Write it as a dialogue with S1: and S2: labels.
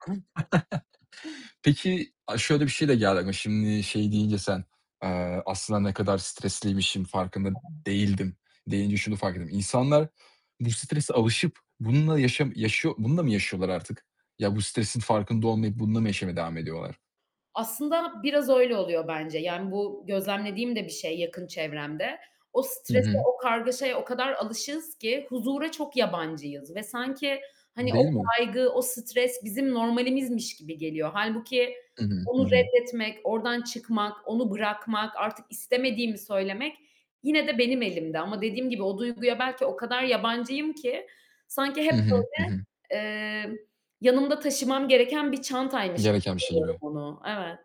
S1: [unintelligible]
S2: [unintelligible]
S1: Peki, aaa, şöyle bir şey de geldi ama şimdi, şey deyince sen, eee, "Aslında ne kadar stresliymişim, farkında değildim." deyince şunu fark ettim. İnsanlar bu strese alışıp bununla yaşam yaşıyor bununla mı yaşıyorlar artık? Ya bu stresin farkında olmayıp bununla mı yaşamaya devam ediyorlar?
S2: Aslında biraz öyle oluyor bence, yani ,bu gözlemlediğim de bir şey, yakın çevremde. O
S1: Hı
S2: strese,
S1: hı.
S2: o kargaşaya o kadar alışığız ki huzura çok yabancıyız ve sanki hani
S1: Değil
S2: o
S1: mi?
S2: kaygı, o stres bizim normalimizmiş gibi geliyor. Hâlbuki
S1: Hı hı. Hı
S2: onu
S1: hı.
S2: reddetmek, oradan çıkmak, onu bırakmak, artık istemediğimi söylemek yine de benim elimde ama dediğim gibi o duyguya belki o kadar yabancıyım ki sanki
S1: Hı
S2: hep
S1: hı, hı hı.
S2: böyle, emm, yanımda taşımam gereken bir çantaymış
S1: Gereken bir
S2: gibi
S1: şey
S2: görüyorum
S1: gibi.
S2: onu. Evet.